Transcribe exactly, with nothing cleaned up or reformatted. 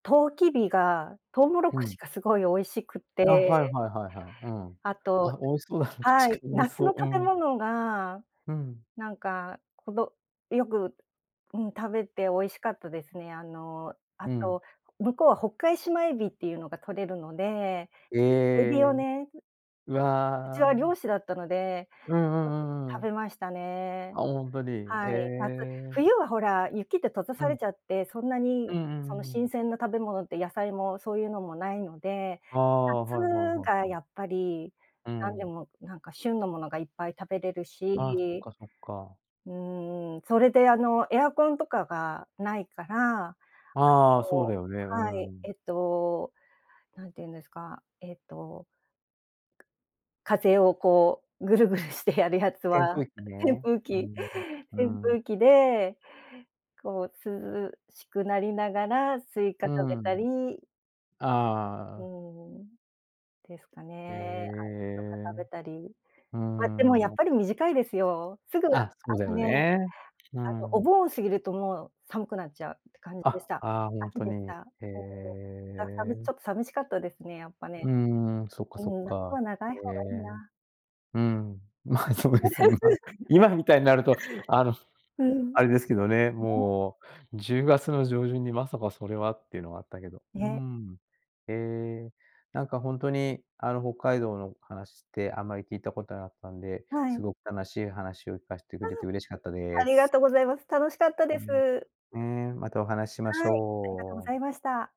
とうきびがとうもろふこしん。がすごい美味しくあ、はいて。はいはいはい、うん。あと、あ、美味しそうだな は確かい、に、美味し夏そのう。う食べん。物が、うん。なんか、こどよく、うん食べて美味しかったですね。あの、あうん。と、向こうは北海シマエビっていうのが取れるので、へエビをえ。ねううちはわ。漁師だったので、うんうよくん、うんうん食うん。べましたね。あ、ほんとに。へはい、夏。え。冬はほら、雪って閉ざうされん。ちゃって、そんなうにんうんうそのんう新ん。鮮な食べ物って、野菜もそういうのもないので、ああ、はいはい夏はいがはい。やっぱりうなんでん。もなんか旬のものがいっぱい食べれるああ、そっしかそっか。うーん。それであのエアコンとかがないから、ああ、そうそだうよね、うーはい、ん。えっと、なんていうんですか、ええと風をこうぐるぐるしてやるやつ扇は風機扇ね。風う機、ん。うー扇ん。風機でこう涼しくなりながらスイカう食べーたん。りうああ。ーん、ですかへね。アイスとかえ。食べたり。うーま、でもん、やなっぱる。り短いですよ。すぐああ、そうだのよね、あね。うーのおん。盆過ぎるともう寒くなっちゃうって感じでしあ、た。ああ、ほん秋とでに。した。へそう。ちえ。ょっと寂しかったですねやっぱうね。ーん、そっかうそっん、夏か。は長いへ方がいいえ。な。うん。まあそうですよね、まあ。今みたいになると、あの、うん。あれですけどね、ね。もう。じゅうがつの上旬にまさかそれはっていうのあったけど。うーね。ん。へえ、なんかほんとにあの北海道の話ってあんまり聞いたことなかったんで、はすい。ごく楽しい話を聞かせてくあれて嬉しかったあ。あでりがす。とうございます。楽しかったうでん。す。ねえ、またお話しましはい、ありがとうごょう。ざいました。